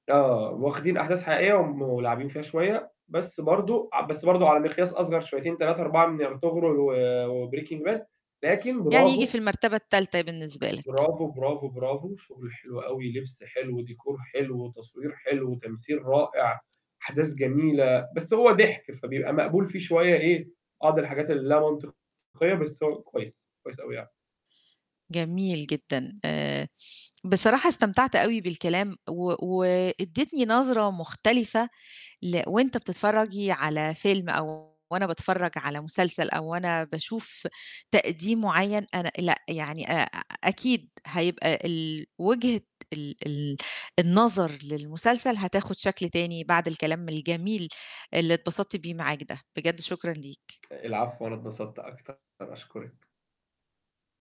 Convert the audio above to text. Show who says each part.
Speaker 1: آه، واخدين أحداث حقيقية وم ولاعبين فيها شوية، بس برضه ع بس برضه على مقياس أصغر شويتين 3، 4 من أرطغرل و وbreaking Bad، لكن
Speaker 2: يعني ييجي
Speaker 1: برافو.
Speaker 2: في المرتبة التالتة بالنسبة لك.
Speaker 1: برافو، برافو، برافو شُغل حلو أوي، لبْس حلو، ديكور حلو، وتصوير حلو وتمثيل رائع، أحداث جميلة، بس هو ضِحْك، فبيبقى مقبول فيه شوية إيه، بعض الحاجات اللي ليها منطقية بس هو كويس، كويس أوي يع
Speaker 2: جميل جدًا. آآ بصراحة استمتعت أوي بالكلام و وادّيتني نظرة مختلفة ل وأنت بتتفرجي على فيلم أو وأنا باتفرّج على مسلسل أو وأنا باشوف تقديم معيّن، أنا لأ، يعني آآ أكيد هيبقى ال وجهة ال ال النظر للمسلسل هتاخُد شكل تاني بعد الكلام الجميل اللي اتبسطت بيه معاك ده، بجد شكرًا ليك.
Speaker 1: العفو، أنا اتبسطت أكتر، أشكرِك.